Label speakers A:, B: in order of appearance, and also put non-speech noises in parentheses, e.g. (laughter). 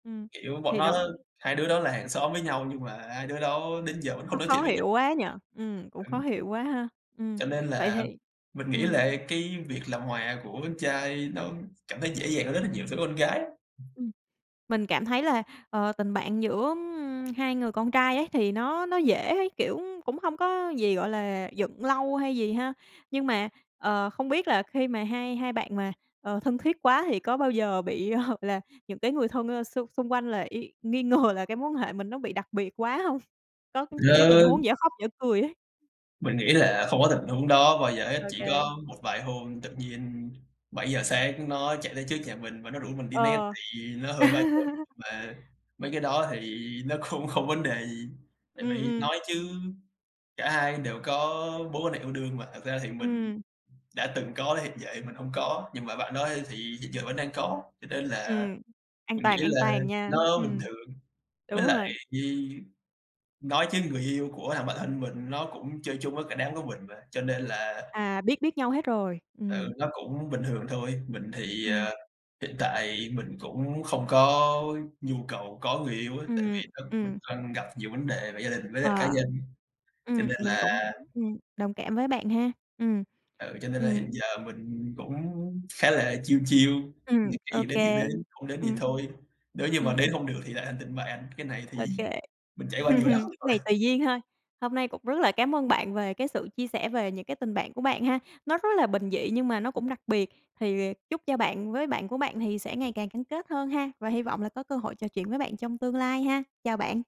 A: Ừm,
B: Kiểu, bọn
A: thì
B: nó á
A: đó
B: hai đứa đó là hàng xóm với nhau nhưng mà hai đứa đó đến giờ vẫn không
A: Nó
B: nói chuyện
A: khó
B: với
A: hiểu
B: nhau.
A: quá nhỉ. Ừm, cũng khó
B: Ừm.
A: hiểu quá ha. Ừm,
B: Cho nên
A: vậy
B: là
A: thì,
B: mình nghĩ
A: ừm
B: là cái việc làm hòa của con trai nó cảm thấy dễ dàng hơn rất là nhiều với con gái á.
A: Ừm, mình cảm thấy là, ờ, tình bạn giữa, ưm, hai người con trai ấy thì nó nó dễ ấy, kiểu, cũng không có gì, gọi là, giận lâu hay gì ha. Nhưng mà, ờ, không biết là khi mà hai hai bạn mà, ờ, thân thiết quá thì có bao giờ bị, hợp là những cái người thân, ơ, xung xung quanh là y nghi ngờ là cái mối quan hệ mình nó bị đặc biệt quá hông? Có những cái tình
B: Lơ.
A: huống dở khóc dở cười ấy.
B: Mình nghĩ là không có tình huống đó bao giờ hết. Chỉ
A: OK.
B: có một vài hôm tự nhiên 7:00 sáng nó chạy tới trước nhà mình, và nó rủ mình đi net
A: Ờ.
B: tại vì nó hơi ba trợn,
A: (laughs)
B: mà mấy cái đó thì nó cũng không có vấn đề gì. Tại
A: Ừm,
B: vì
A: ừm.
B: nói chứ cả hai đều có mối quan hệ yêu đương mà, thật ra thì mình
A: Ừm.
B: đã từng có hiện giờ mình hông có, nhưng mà bạn đó á thì hiện giờ vẫn đang có, cho nên là,
A: Ừm, an
B: mình nghĩ
A: toàn an
B: là
A: toàn nha.
B: nó bình
A: Ừm.
B: thường. Với
A: Đúng
B: lại
A: rồi!
B: Nhi nói chứ người yêu của thằng bạn thân mình nó cũng chơi chung với cả đám của mình mà, cho nên là
A: À, biết biết nhau hết rồi.
B: Ừ,
A: Ừm.
B: nó cũng bình thường thôi. Mình thì,
A: Ừm.
B: à, hiện tại mình cũng không có nhu cầu có người yêu á, tại
A: Ừm,
B: vì thật mình
A: ừm.
B: đang gặp nhiều vấn đề về gia đình với lại cá
A: Ờ,
B: nhân, cho
A: ừm,
B: nên
A: mình
B: là
A: cũng, ừm, đồng cảm với bạn ha. Ừm,
B: ừ, cho nên là hiện
A: ừm.
B: giờ mình cũng khá là chill chill,
A: Ừm,
B: những cái gì
A: OK,
B: đến thì đến, không đến thì
A: ừm.
B: thôi. Nếu như mà
A: Ừm.
B: đến không được thì lại thành tình bạn, cái này thì
A: OK.
B: mình trải qua nhiều lắm
A: (laughs) Này
B: rồi.
A: tùy duyên thôi. Hôm nay cũng rất là cám ơn bạn về cái sự chia sẻ về những cái tình bạn của bạn ha, nó rất là bình dị nhưng mà nó cũng đặc biệt. Thì chúc cho bạn với bạn của bạn thì sẽ ngày càng gắn kết hơn ha, và hy vọng là có cơ hội trò chuyện với bạn trong tương lai ha. Chào bạn.